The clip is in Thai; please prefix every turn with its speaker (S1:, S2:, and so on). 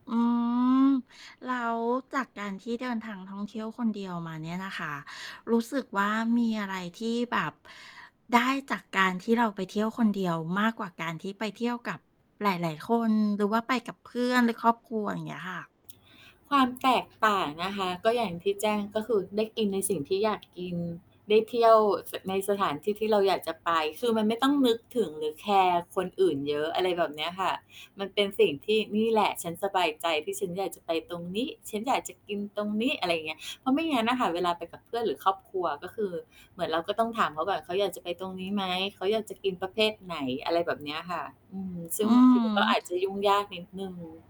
S1: อืม แล้วจากการที่เดินทางท่องเที่ยวคนเดียวมาเนี่ยนะคะ รู้สึกว่า มีอะไรที่แบบ ได้จากการที่เราไปเที่ยวคนเดียว? มากกว่าการที่ไปเที่ยวกับหลาย ๆ คน หรือว่าไปกับเพื่อน หรือครอบครัว อย่างเงี้ยค่ะ
S2: ความแตกต่างนะคะ ก็อย่างที่แจ้ง ก็คือได้กินในสิ่งที่อยาก กิน ได้เที่ยว ส ในสถานที่ที่เราอยากจะไป คือมันไม่ต้องนึกถึงหรือแคร์คนอื่นเยอะ อะไรแบบเนี้ยค่ะ มันเป็นสิ่งที่ "นี่แหละ ฉันสบายใจ ที่ฉันอยากจะไปตรงนี้ ฉันอยากจะกินตรงนี้" อะไรเงี้ย เพราะไม่งั้นน่ะค่ะ เวลาไปกับเพื่อนหรือครอบครัว ก็คือเหมือนเราก็ต้องถามเขาแบบเขาอยากจะไปตรงนี้ไหม? เขาอยากจะกินประเภทไหน? อะไรแบบเนี้ยค่ะ อืม ซึ
S1: อ
S2: ่
S1: ื
S2: ง บา
S1: อ
S2: งท
S1: ฮ
S2: ี มันก็อาจจ
S1: ึ
S2: ะยุ่งยากนิดหนึ่ง